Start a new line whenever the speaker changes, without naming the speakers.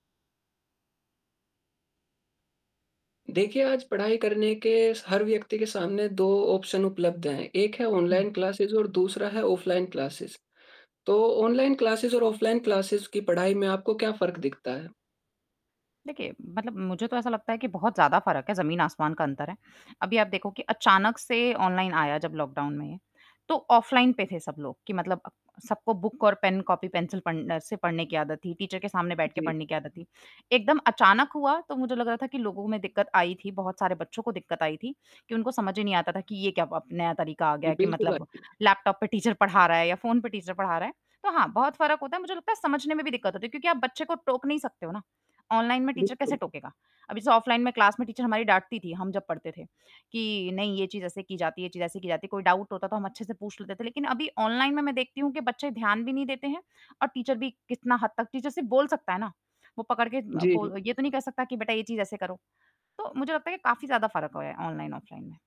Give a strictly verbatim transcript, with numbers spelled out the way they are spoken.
देखिए, आज पढ़ाई करने के स हर व्यक्ति के सामने दो ऑप्शन उपलब्ध हैं, एक है
हुँ।
ऑनलाइन क्लासेज़ और दूसरा है ऑफ़लाइन क्लासेस। तो ऑनलाइन क्लासेस और ऑफ़लाइन क्लासेस की पढ़ाई में आपको क्या फ़र्क दिखता है?
देखिए, मतलब मुझे तो ऐसा लगता है कि बहुत ज़्यादा फ़र्क है, ज़मीन-आसमान का अंतर है, अभी आप देखो कि अचानक से ऑनलाइन आया जब लॉकडाउन में, तो ऑफ़लाइन पे थे सब लोग कि मतलब अ, सबको बुक और पेन, कॉपी-पेंसिल पन से पढ़ने की आदत थी, टीचर के सामने बैठ के
जी।
पढ़ने की आदत थी, एकदम अचानक हुआ तो मुझे लग रहा था कि लोगों में दिक्कत आई थी, बहुत सारे बच्चों को दिक्कत आई थी कि उनको समझ ही नहीं आता था कि ये क्या अब नया तरीका आ गया
जी,
है कि
बिल्कुल आई
मतलब
थी।
लैपटॉप पे टीचर पढ़ा रहा है या फ़ोन पे टीचर पढ़ा रहा है। तो हाँ, बहुत फ़र्क होता है, मुझे लगता है समझने में भी दिक्कत होती है क्योंकि आप बच्चे को टोक नहीं सकते हो ना, ऑनलाइन में टीचर कैसे
बिल्कुल।
टोकेगा? अभी जैसे ऑफ़लाइन में क्लास में टीचर हमारी डाँटती थी, हम जब पढ़ते थे कि नहीं ये चीज़ ऐसे की जाती है, ये चीज़ ऐसे की जाती है, कोई डाउट होता तो हम अच्छे से पूछ लेते थे लेकिन अभी ऑनलाइन में मैं देखती हूँ कि बच्चे ध्यान भी नहीं देते हैं और टीचर भी कितना हद तक टीचर सिर्फ़ बोल सकता है ना? वो पकड़ के अ,
जी।
बोल ये तो नहीं कह सकता कि बेटा ये चीज़ ऐसे करो, तो मुझे लगता है ये काफ़ी ज़्यादा फ़र्क हो गया ऑनलाइन, ऑफ़लाइन में।